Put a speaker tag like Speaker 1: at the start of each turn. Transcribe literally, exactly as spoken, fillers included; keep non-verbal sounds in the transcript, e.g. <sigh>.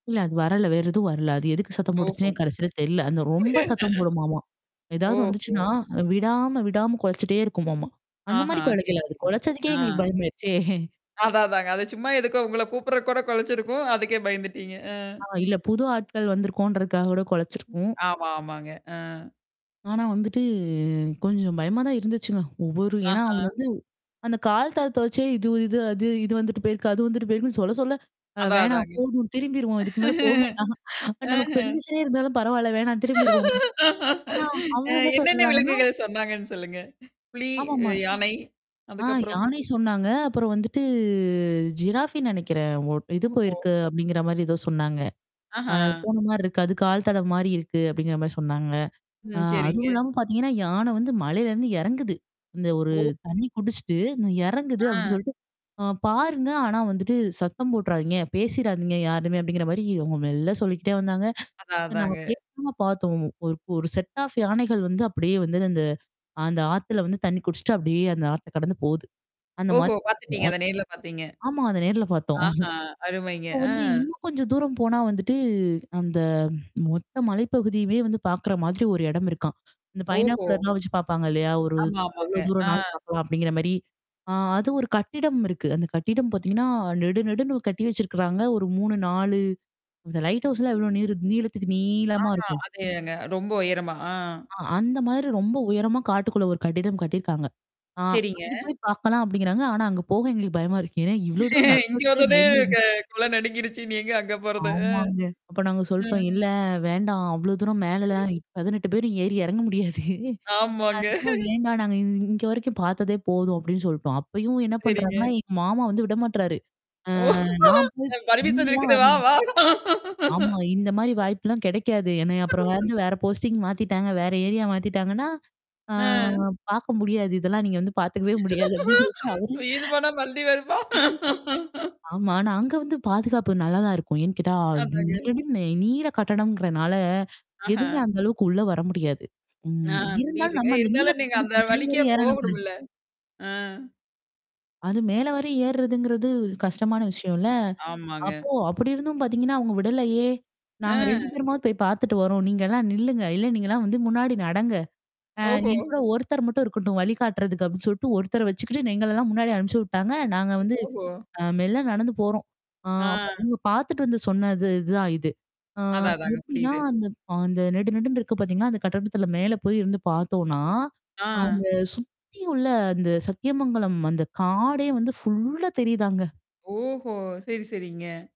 Speaker 1: இல்ல அது வரல! வேற எதுவும் வரல. அது எதுக்கு சத்தம் போட்டுச்சுன்னே
Speaker 2: தொவக்கும்
Speaker 1: கடைசில தெரில. அந்த ரொம்ப சத்தம் போடுமாமா!
Speaker 2: <unintelligible>
Speaker 1: எதாவது
Speaker 2: ஓஹோ!
Speaker 1: வந்துச்சுன்னா, அ விடாம, விடாம கொலச்சிட்டே இருக்குமாமாம்.
Speaker 2: ஆஹா!
Speaker 1: அந்தமாரி
Speaker 2: சரி,
Speaker 1: கொலைக்கல அது.
Speaker 2: சரி.
Speaker 1: கொலச்சதுக்கே
Speaker 2: ஆ.
Speaker 1: எங்களுக்கு பயமாயிருச்சே!
Speaker 2: அதான், அதாங்க. அது சும்மா எதுக்கோ உங்கள கூப்புட்றக்கூட குலச்சிருக்கும்! அதுக்கே பயந்துட்டீங்க. அ.
Speaker 1: ஆ இல்ல புது ஆட்கள் வந்திருக்கோன்றதுக்காக கூட
Speaker 2: ம்,
Speaker 1: கொலச்சிருக்கும்!
Speaker 2: ஆமா, ஆமாங்க. ஆ.
Speaker 1: ஆனா வந்துட்டு கொஞ்சம் பயமா தான் இருந்துச்சுங்க. ஒவ்வொரு ஏன்னா
Speaker 2: ஆஹா!
Speaker 1: அவுங்க வந்து, அந்த கால் தள்த்த வச்சே இது, இது, அது, இது வந்துட்டு போயிருக்கு. அது வந்துட்டு போயிருக்குன்னு, சொல்ல, சொல்ல, அ
Speaker 2: அதான்
Speaker 1: வேணாம்
Speaker 2: அதாங்க.
Speaker 1: போதும் திரும்பிருவோம். இதுக்கு மேல போ
Speaker 2: <laughs>
Speaker 1: வேண்டாம்.
Speaker 2: ம்ஹ.
Speaker 1: நமக்கு பெர்மிஷனே இருந்தாலும் பரவால்ல. வேணாம் திரும்பிருவோம். ஆனா,
Speaker 2: அ
Speaker 1: அவுங்க என்ன
Speaker 2: என்னென்ன
Speaker 1: சொல்லறாங்கன்னா
Speaker 2: விலங்குகள் சொன்னாங்கன்னு, சொல்லுங்க? புலி
Speaker 1: ஆமாமா.
Speaker 2: அ யானை,
Speaker 1: ஆ
Speaker 2: அதுக்கப்புறம்?
Speaker 1: யானை சொன்னாங்க. அப்புறம் வந்துட்டு ஜிராஃபின்னு நெனைைக்கிறேன். ஒ "இது
Speaker 2: ஓஹோ!
Speaker 1: போயிருக்கு" அப்பிடிங்கிற மாரி ஏதோ சொன்னாங்க. அ
Speaker 2: அஹா!
Speaker 1: போனமாரி இருக்கு. அது கால் தடம் மாரி இருக்கு. அப்பிடிங்கிற மாரி சொன்னாங்க. ஆ
Speaker 2: ம். சரிங்க.
Speaker 1: அதுவும் இல்லாம பாத்தீங்கன்னா, யானை வந்து மலையிலருந்து எறங்குது. இந்த ஒரு
Speaker 2: ஓ!
Speaker 1: தண்ணீ குடிச்சுட்டு, ந எறங்குது
Speaker 2: ஆ.
Speaker 1: அப்பிடி சொல்லிட்டு அ "பாருங்க. ஆனா வந்துட்டு சத்தம் போட்டுறாதீங்க, பேசிறாதீங்க யாருமே" அப்பிடிங்கிற மாரி இவுங்க மெல்ல சொல்லிக்கிட்டே வந்தாங்க.
Speaker 2: அதான்,
Speaker 1: இத நான்
Speaker 2: அதாங்க.
Speaker 1: <unintelligible> பாத்தோம். ஒரு, ஒரு செட் ஆஃப் யானைகள் வந்து, அப்பிடியே வந்தது. அந்த அ அந்த ஆத்துல வந்து தண்ணீ குடிச்சுட்டு, அப்பிடியே அந்த ஆத்த கடந்து போது. அந்த
Speaker 2: ஓஹோ!
Speaker 1: மாரி
Speaker 2: பாத்துட்டீங்க!
Speaker 1: <unintelligible>
Speaker 2: அத நேர்ல பாத்தீங்க!
Speaker 1: ஆமா அத நேர்ல பாத்தோம்.
Speaker 2: ஆஹா! அருமைங்க.
Speaker 1: அப்ப
Speaker 2: ஆ.
Speaker 1: வந்து இன்னும் கொஞ்சம் தூரம் போனா வந்துட்டு, அந்த, மொத்த மலைப்பகுதியுமே வந்து பாக்கிற மாதிரி ஒரு எடம் இருக்காம். இந்த
Speaker 2: ஓஹோ!
Speaker 1: பைனாக்குலர்லாம் வச்சு பாப்பாங்க இல்லயா! ஒரு
Speaker 2: ஆமா,
Speaker 1: எவ்ளோ
Speaker 2: ஆமாங்க. ஆ.
Speaker 1: தூரம்னாலும் பாக்கலாம் அப்பிடிங்கிற மாரி. ஆ அது ஒரு கட்டிடம் இருக்கு. அந்த கட்டிடம் பாத்தீங்கன்னா, நெடு நெடுன்னு கட்டி வச்சிருக்கிறாங்க. ஒரு மூணு, நாலு அந்த லைட் ஹவுஸ்லாம் இவ்ளோ நீரு நீளத்துக்கு,
Speaker 2: ஆ,
Speaker 1: நீளமா இருக்கும்!
Speaker 2: அதே தாங்க, ரொம்ப உயரமா! ஆ,
Speaker 1: ஆ, அந்த மாதிரி ரொம்ப உயரமா, காட்டுக்குள்ள ஒரு கட்டிடம் கட்டியிருக்காங்க. ஆ
Speaker 2: சரிங்க.
Speaker 1: அங்கே போய் பாக்கலாம் அப்பிடிங்கிறாங்க. ஆனா, அங்க போக எங்களுக்கு பயமா இருக்கு. ஏன்னா இவ்வளோ தூரம் நடந்து
Speaker 2: இங்க
Speaker 1: வந்ததே
Speaker 2: வந்தோனே
Speaker 1: பயங்கர
Speaker 2: க கொல நடுங்கிருச்சு, இனி எங்க அங்க போறது? அ,
Speaker 1: ஆமாங்க. அப்ப நாங்க
Speaker 2: அ,
Speaker 1: சொல்ட்டோம். "இல்ல, வேண்டாம், அவ்ளோ தூரம்
Speaker 2: <unintelligible>
Speaker 1: மேலலாம் பதினெட்டு பேரும் ஏறி எறங்க முடியாது.
Speaker 2: ஆமாங்க.
Speaker 1: அதனால
Speaker 2: <laughs>
Speaker 1: வேண்டாம் நாங்க இ இங்க வரைக்கும் பாத்ததே போதும்!" அப்பிடின்னு சொல்ட்டோம். அப்பயும் என்னா
Speaker 2: சரிங்க.
Speaker 1: பண்றாங்கன்னா, எங்க மாமா வந்து விடமாட்றாரு. அ
Speaker 2: ஓ!
Speaker 1: நான் போய்
Speaker 2: "பர்மிஷன்
Speaker 1: நீங்களாம்
Speaker 2: இருக்குது வா
Speaker 1: வரல
Speaker 2: வா!"
Speaker 1: ஆமா. இந்தமாரி வாய்ப்புலாம் கெடைக்காது. என்னைய அப்புறம்
Speaker 2: <laughs>
Speaker 1: வந்து, வேற போஸ்டிங் மாத்திட்டாங்க. வேற ஏரியா மாத்திட்டாங்கன்னா, ஆ
Speaker 2: ம்.
Speaker 1: பாக்க முடியாது. இதெல்லாம் நீங்க வந்து பாத்துக்கவே முடியாது. அப்பிடி சொல்லிட்டு அவரு
Speaker 2: "உயிரு போனா மறுபடி வருமா?" <laughs>
Speaker 1: ஆமா. ஆனா, அங்க வந்து பாதுகாப்பு நல்லா தான் இருக்கும். ஏன்னு கேட்டா நெடு
Speaker 2: அதாங்க.
Speaker 1: நெடுன்னு நீள கட்டிடம்ங்கிறனால,
Speaker 2: ஆஹா!
Speaker 1: எதுவுமே அந்த அளவுக்கு உள்ள வர முடியாது.
Speaker 2: ஆ,
Speaker 1: ம். இருந்தாலும்
Speaker 2: புரியுதுங்க.
Speaker 1: நம்ம அந்த நீள
Speaker 2: இருந்தாலும் நீங்க அந்த
Speaker 1: கட்டடத்துக்கு மேல்
Speaker 2: வழிக்கே
Speaker 1: வரை ஏறனும்ல்ல!
Speaker 2: போகணும்ல! ஆ.
Speaker 1: அது மேல வர ஏறுறதுங்கிறது, கஷ்டமான விஷயம்ல்ல.
Speaker 2: ஆமாங்க.
Speaker 1: அப்போ அப்பிடி இருந்தும் பாத்தீங்கன்னா, அவுங்க விடலயே! நாங்க ரெண்டு
Speaker 2: ஆ.
Speaker 1: பேருமாவ போய் பாத்துட்டு வறோம்ன்னு நீங்கலாம் நில்லுங்க. இல்ல நீங்கலாம் வந்து முன்னாடி நடங்க. அ,
Speaker 2: ஓஹோ!
Speaker 1: என் கூட ஒருத்தர் மட்டும் இருக்கட்டும். வழிகாட்டுறதுக்கு அப்பிடின்னு சொல்ட்டு, ஒருத்தர வச்சுக்கிட்டு எங்களெல்லாம் முன்னாடி அனுப்புச்சு விட்டாங்க. நாங்க
Speaker 2: <unintelligible>
Speaker 1: வந்து,
Speaker 2: ஓஹோ!
Speaker 1: அ மெல்ல நடந்து போறோம். ஆ,
Speaker 2: ஆ.
Speaker 1: அப்பறம் அவுங்க பாத்துட்டு வந்து சொன்னது இதுதான் இது. ஆ
Speaker 2: அதான், அதாங்க,
Speaker 1: எப்பிடின்னா,
Speaker 2: புரியுது.
Speaker 1: அந்த அ அந்த நெடு, நெடுன்னு இருக்கு பாத்தீங்களா? அந்த கட்டிடத்தில மேல போயி இருந்து பாத்தோன்னா,
Speaker 2: ஆ.
Speaker 1: அங்க சுத்தி உள்ள அந்த சத்தியமங்கலம் அந்த காடே வந்து ஃபுல்லா தெரியுதாங்க.
Speaker 2: ஓஹோ! சரி, சரிங்க.